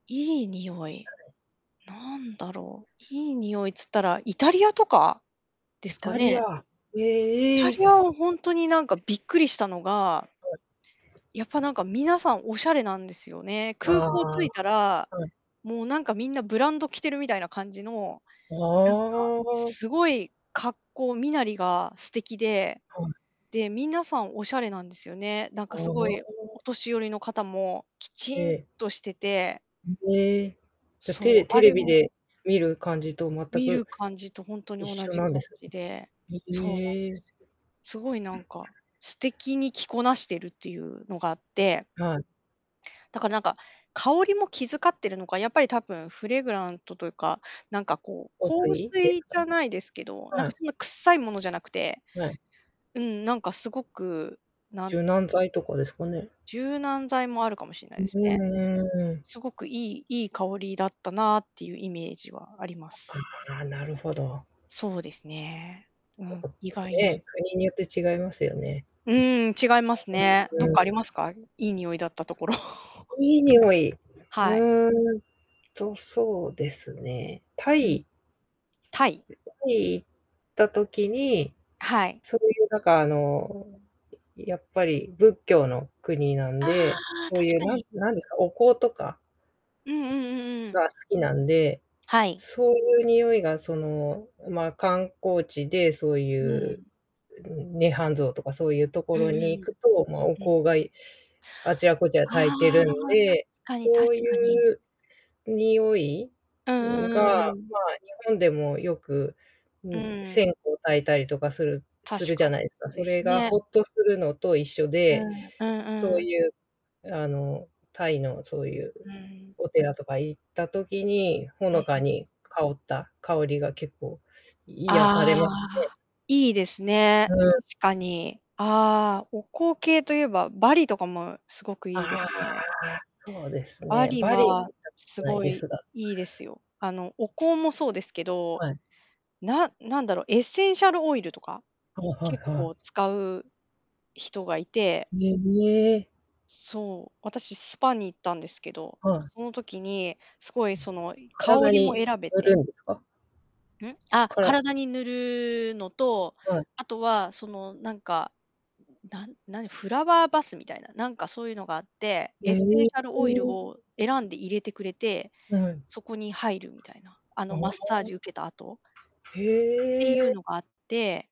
いい匂はい、い。なんだろう、いい匂いつったらイタリアとかでイすかタリね。ア、イタへえ。リアは、ほんとになんかびっくりしたのがはやっぱ、い。なんか皆さん、お洒落なんですよね。あ空あ、港着いたら、はい。もうなんかみんな、ブランド着てるみたいな感じの、なんかああ。すごい格好身なりが素敵で。はい。で、皆さんお洒落なんですよね。なんあかすごいあ。お年寄りの方も、きえちんえ。としてて。ん、へえ。じゃ、テそレう、テあレれビもで見る感じと全見くる感じと、ほんとに一同緒じな感んですじで。ね。そうなんへでえ。すよ。すごいなんか、素敵に着こなしてるっていうのがあって。はい。だからなんか、香りも気遣ってるのか、やっぱり多分フレグラントというか、なんかこう、香香水で水すか？じゃないですけど、なんはかい。そんなくっさいものじゃなくて。はい。うん、なんかすごく、なん柔軟剤とかですかね？柔軟剤もあるかもしんなういですね。ーん。すごくいいいい香りだったなっていうイメージはあります。ああ、なるほど。そうですね。うん、意外 に。ね、国によって違いますよね。うん、違いますね。うん。どっうかありん。ますか、いい匂いだったところ。いい匂い、はい。うんとそうですね、タうん。イタイ？タイ行った時に、はい。そういうなんかあの、やっぱり仏教の国なんあで、あ、そう確いうかなに。んなんですか、お香とかうんうんうんうん。が好きなんで、はい。そういう匂いが、その、ま、観光地で、そうういん。う涅槃像とかそういうとうこんうろに行ん。くと、ま、おうん。香があちらこちらあ焚いてるんあ、で、確かに確そういかに。う匂いうんが、うんうんうん。ま、日本でもよくううん、ん。線香焚いたりとかする確するじかゃに、ないですそか、うそでれすがね。ほっとするのと一緒うで、ん、うそんううん。いうあのタイの、そういううん。お寺とか行った時に、ほうん。のか に香った香りが結構癒されあますあ。いいですね。ね。うん。確かに。あ、お香系と言えば、バリとかもすごくいいであすね。あ、そうですバね。リバリはは、行ったことすないごでい、すが。いいですよ。あのお香もそうですけど、はい。ななんだろう、エッセンシャルオイルとか、はいは結いはい。構使う人がいて。ねねえ。そう、私スパに行ったんですけど、はい。その時に、すごいその香体りもに選べ塗てるんですか？うん？あっ、から体に塗るのと、はい。あとはその、なんか、なん、何、フラワーバスみたいな、なんかそういうのがあって、エえッセえンシャルオイルええ。を選んで入れてくれて、はい。そこに入るみたいな。ああの、あ。マッサージ受けた後ってへいうえ。のがあって